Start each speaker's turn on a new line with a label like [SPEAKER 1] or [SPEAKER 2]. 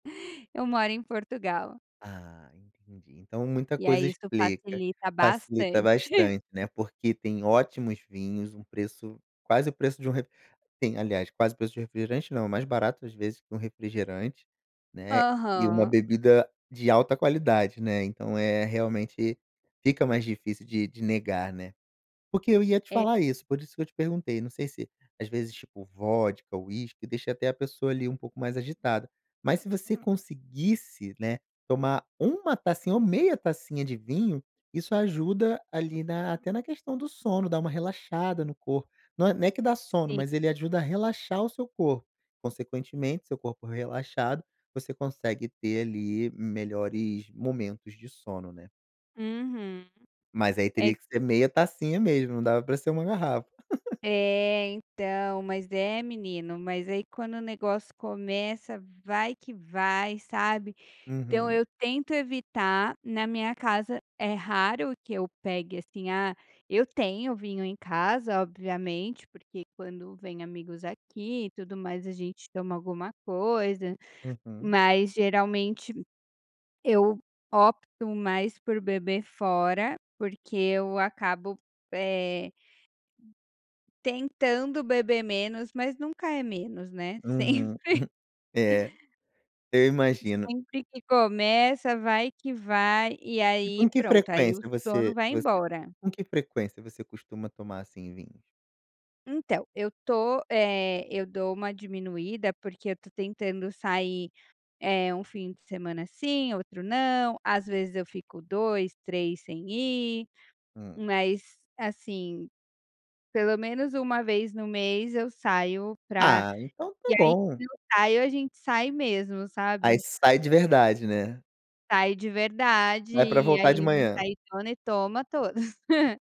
[SPEAKER 1] Eu moro em Portugal.
[SPEAKER 2] Ah, entendi. Então, muita
[SPEAKER 1] E aí
[SPEAKER 2] coisa
[SPEAKER 1] isto
[SPEAKER 2] explica,
[SPEAKER 1] facilita
[SPEAKER 2] facilita
[SPEAKER 1] bastante.
[SPEAKER 2] bastante, né, porque tem ótimos vinhos, um preço quase o preço de um re tem, aliás, quase preço de um refrigerante, não, mais barato às vezes que um refrigerante, né, e uma
[SPEAKER 1] Aham.
[SPEAKER 2] bebida de alta qualidade, né, então, eh, realmente, fica mais difícil de de negar, né. Porque eu ia te
[SPEAKER 1] É.
[SPEAKER 2] falar isso, por isso que eu te perguntei, não sei se, às vezes, tipo, vodka, whisky, deixa até a pessoa ali um pouco mais agitada, Mas se você conseguisse, né, tomar 1 tacinha ou meia tacinha de vinho, isso ajuda ali na até na questão do sono, dá uma relaxada no corpo. Não é não é que dá sono,
[SPEAKER 1] Sim.
[SPEAKER 2] mas ele ajuda a relaxar o seu corpo. Consequentemente seu corpo relaxado, você consegue ter ali melhores momentos de sono, né.
[SPEAKER 1] Uhum,
[SPEAKER 2] Mas aí
[SPEAKER 1] é
[SPEAKER 2] teria que ser
[SPEAKER 1] que
[SPEAKER 2] meia tacinha mesmo, não dava para ser 1 garrafa.
[SPEAKER 1] É, então, mas, é, menino, mas aí quando o negócio começa, vai que vai, sabe. Então
[SPEAKER 2] Uhum.
[SPEAKER 1] eu tento evitar, na minha casa é raro que eu pegue, assim, ah, eu tenho vinho em casa, obviamente, porque quando vem amigos aqui e tudo mais a gente toma alguma coisa,
[SPEAKER 2] Uhum.
[SPEAKER 1] mas, geralmente, eu opto mais por beber fora, porque eu acabo, eh, tentando beber menos, mas nunca é menos, né,
[SPEAKER 2] Uhum,
[SPEAKER 1] sempre
[SPEAKER 2] é, eu imagino.
[SPEAKER 1] sempre que começa, vai que vai e
[SPEAKER 2] E com
[SPEAKER 1] aí
[SPEAKER 2] que
[SPEAKER 1] pronto, aí o
[SPEAKER 2] frequência
[SPEAKER 1] sono
[SPEAKER 2] você
[SPEAKER 1] vai
[SPEAKER 2] você
[SPEAKER 1] embora.
[SPEAKER 2] com que frequência você costuma tomar, assim, vinhos?
[SPEAKER 1] Então, eu estou eh, eu dou uma diminuída porque eu estou tentando sair, eh, 1 fim de semana sim, outro não, às vezes eu fico 2, 3 sem ir,
[SPEAKER 2] Hum.
[SPEAKER 1] mas, assim, pelo menos uma vez no mês eu saio pra
[SPEAKER 2] Ah, então está
[SPEAKER 1] e aí,
[SPEAKER 2] bom.
[SPEAKER 1] quando eu saio a gente sai mesmo,
[SPEAKER 2] Aí
[SPEAKER 1] sabe.
[SPEAKER 2] sai de verdade, né.
[SPEAKER 1] Saio de verdade
[SPEAKER 2] Não é para
[SPEAKER 1] e
[SPEAKER 2] voltar
[SPEAKER 1] aí
[SPEAKER 2] de manhã.
[SPEAKER 1] [unintelligible] e toma todas.